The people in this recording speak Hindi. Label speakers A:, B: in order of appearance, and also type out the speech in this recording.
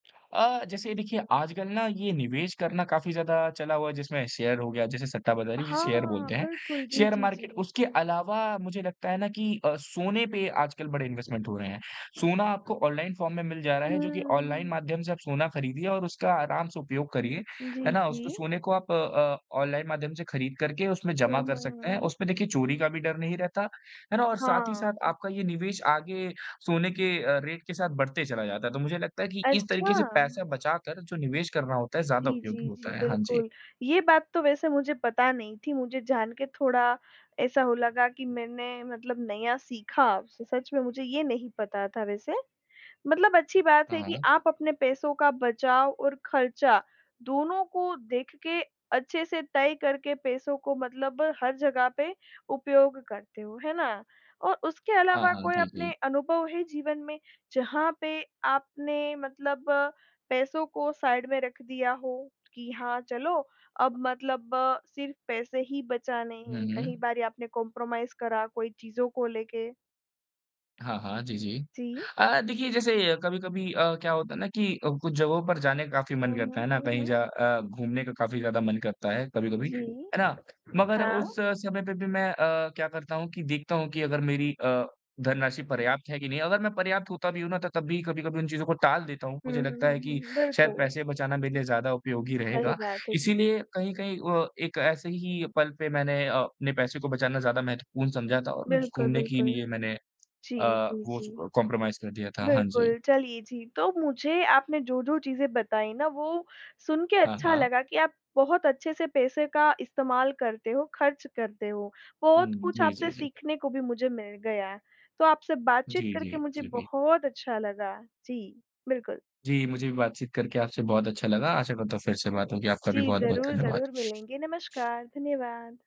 A: अ, जैसे देखिए, आजकल ना ये निवेश करना काफ़ी ज़्यादा चला हुआ है, जिसमें शेयर हो गया जिसे सट्टाबाज़ारी जिसे शेयर
B: हाँ,
A: बोलते हैं,
B: बिल्कुल, जी,
A: शेयर
B: जी,
A: मार्केट।
B: जी।
A: उसके अलावा मुझे लगता है ना कि अ, सोने पे आजकल बड़े इन्वेस्टमेंट हो रहे हैं। सोना आपको ऑनलाइन फॉर्म में मिल जा रहा है जो कि ऑनलाइन
B: हम्म।
A: माध्यम से आप सोना खरीदिए और उसका आराम से उपयोग करिए।
B: जी,
A: है ना? उसको
B: जी।
A: सोने को आप अ, ऑनलाइन माध्यम से खरीद करके उसमें
B: हुँ,
A: जमा
B: हुँ,
A: कर
B: हुँ,
A: सकते हैं।
B: हुँ।
A: उस पे देखिए, चोरी का भी डर नहीं रहता। है ना? और साथ ही साथ
B: हाँ।
A: आपका ये निवेश आगे सोने के अ, रेट के साथ बढ़ते चला जाता है, तो मुझे लगता है कि इस तरीके से
B: अच्छा।
A: पैसे बचाकर जो निवेश करना होता है, ज़्यादा
B: जी,
A: उपयोगी
B: जी,
A: होता
B: जी,
A: है। हाँ जी।
B: बिल्कुल, ये बात तो वैसे मुझे पता नहीं थी। मुझे जान के थोड़ा ऐसा हो लगा कि मैंने मतलब नया सीखा, स सच में मुझे ये नहीं पता था वैसे। मतलब अच्छी बात
A: हाँ,
B: है कि
A: हाँ।
B: आप अपने पैसों का बचाव और खर्चा दोनों को देख के अच्छे से तय करके पैसों को मतलब हर जगह पे उपयोग करते हो, है ना? और उसके
A: हाँ,
B: अलावा
A: हाँ,
B: कोई
A: जी,
B: अपने
A: जी।
B: अनुभव हैं जीवन में, जहाँ पे आपने मतलब पैसों को साइड में रख दिया हो कि हाँ, चलो अब मतलब सिर्फ पैसे ही बचाने
A: हुँ,
B: हैं? कहीं
A: हुँ।
B: बारी आपने कंप्रोमाइज़ करा कोई चीज़ों को लेके?
A: हाँ, हाँ, जी, जी।
B: जी।
A: अ, देखिए जैसे कभी-कभी अ, क्या होता है ना कि अ, कुछ जगहों पर जाने काफ़ी मन
B: हुँ,
A: करता
B: हुँ,
A: है, है ना?
B: हुँ,
A: कहीं ज
B: हुँ।
A: अ, घूमने का काफ़ी ज़्यादा मन करता है कभी-कभी,
B: जी,
A: है ना? मगर
B: हाँ।
A: उस समय पे भी मैं अ, क्या करता हूँ कि देखता हूँ कि अगर मेरी अ, धनराशि पर्याप्त है कि नहीं। अगर मैं पर्याप्त होता भी हूँ ना त तब भी कभी-कभी उन चीज़ों को टाल देता हूँ।
B: हुँ,
A: मुझे
B: हुँ, हुँ,
A: लगता
B: हुँ,
A: है कि
B: हुँ,
A: शायद
B: बिल्कुल।
A: पैसे बचाना मेरे लिए ज़्यादा उपयोगी
B: सही
A: रहेगा,
B: बात है, जी।
A: इसलिए कहीं-कहीं व एक ऐसे ही पल पे मैंने अ, अपने पैसे को बचाना ज़्यादा महत्वपूर्ण समझा था। ओ उम्स
B: बिल्कुल,
A: घूमने के
B: बिल्कुल।
A: लिए मैंने अ,
B: जी, जी,
A: वो
B: जी।
A: अ, कंप्रोमाइज़ कर दिया था। हाँ जी।
B: बिल्कुल, चलिए जी, तो मुझे आपने जो-जो चीज़ें बताई ना, वो सुन के
A: हाँ,
B: अच्छा
A: हाँ।
B: लगा कि आप बहुत अच्छे से पैसे का इस्तेमाल करते हो, खर्च करते हो। बहुत
A: हुँ,
B: कुछ
A: जी,
B: आपसे
A: जी, जी।
B: सीखने को भी मुझे मिल गया। तो आपसे बातचीत
A: जी,
B: करके
A: जी,
B: मुझे
A: जी।
B: बहुत अच्छा लगा। जी, बिल्कुल।
A: जी, मुझे भी बातचीत करके आपसे बहुत अच्छा लगा। आशा करता हूँ फिर से बात होगी, आपका
B: जी,
A: भी बहुत-बहुत
B: ज़रूर-ज़रूर
A: धन्यवाद।
B: मिलेंगे। नमस्कार, धन्यवाद।